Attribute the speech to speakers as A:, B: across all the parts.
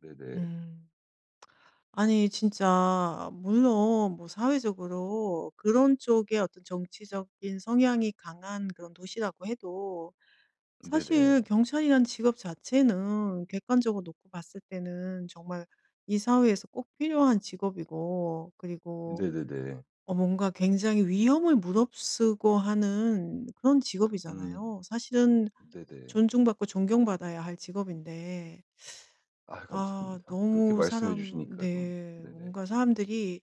A: 네네.
B: 음. 아니 진짜 물론 뭐 사회적으로 그런 쪽의 어떤 정치적인 성향이 강한 그런 도시라고 해도 사실
A: 네네.
B: 경찰이란 직업 자체는 객관적으로 놓고 봤을 때는 정말 이 사회에서 꼭 필요한 직업이고 그리고
A: 네네네.
B: 어 뭔가 굉장히 위험을 무릅쓰고 하는 그런
A: 음.
B: 직업이잖아요. 사실은
A: 네네.
B: 존중받고 존경받아야 할 직업인데.
A: 아유
B: 아.
A: 감사합니다. 그렇게
B: 너무
A: 말씀해
B: 사람
A: 주시니까 좀
B: 네.
A: 네네.
B: 뭔가 사람들이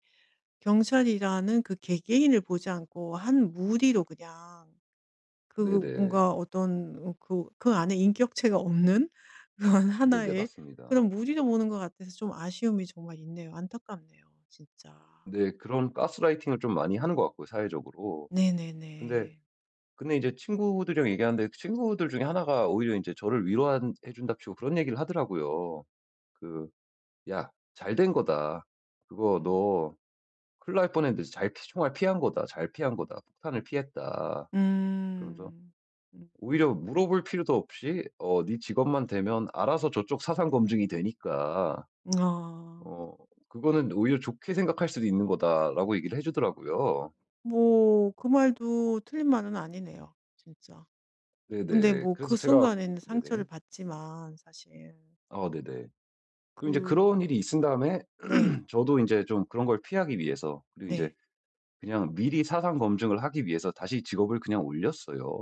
B: 경찰이라는 그 개개인을 보지 않고 한 무리로 그냥 그
A: 네네.
B: 뭔가 어떤 그 그 안에 인격체가 없는 그런
A: 네네.
B: 하나의
A: 맞습니다.
B: 그런 무리로 보는 것 같아서 좀 아쉬움이 정말 있네요. 안타깝네요, 진짜.
A: 네. 그런 가스라이팅을 좀 많이 하는 것 같고요, 사회적으로. 근데,
B: 네네네.
A: 근데 인제 친구들이랑 얘기하는데 친구들 중에 하나가 오히려 인제 저를 위로한 해 준답시고 그런 얘기를 하더라고요. 그 "야 잘 된 거다. 그거
B: 음.
A: 너 큰일 날 뻔했는데 잘 총알 피한 거다, 잘 피한 거다. 폭탄을 피했다." 그러면서
B: 음. 음.
A: 오히려 물어볼 필요도 없이 "어 네 직업만 대면 알아서 저쪽 사상 검증이 되니까
B: 아.
A: 어 그거는 오히려 좋게 생각할 수도 있는 거다."라고 얘기를 해주더라고요.
B: 뭐 그 말도 틀린 말은 아니네요, 진짜. 근데
A: 네네.
B: 뭐
A: 그래서
B: 그
A: 제가
B: 순간에는 상처를
A: 네네.
B: 받지만 사실.
A: 어 네네. 그 인제 그런
B: 그
A: 일이 있은 다음에
B: 네.
A: 저도 인제 좀 그런 걸 피하기 위해서 그리고 인제
B: 네.
A: 그냥 미리 사상 검증을 하기 위해서 다시 직업을 그냥 올렸어요.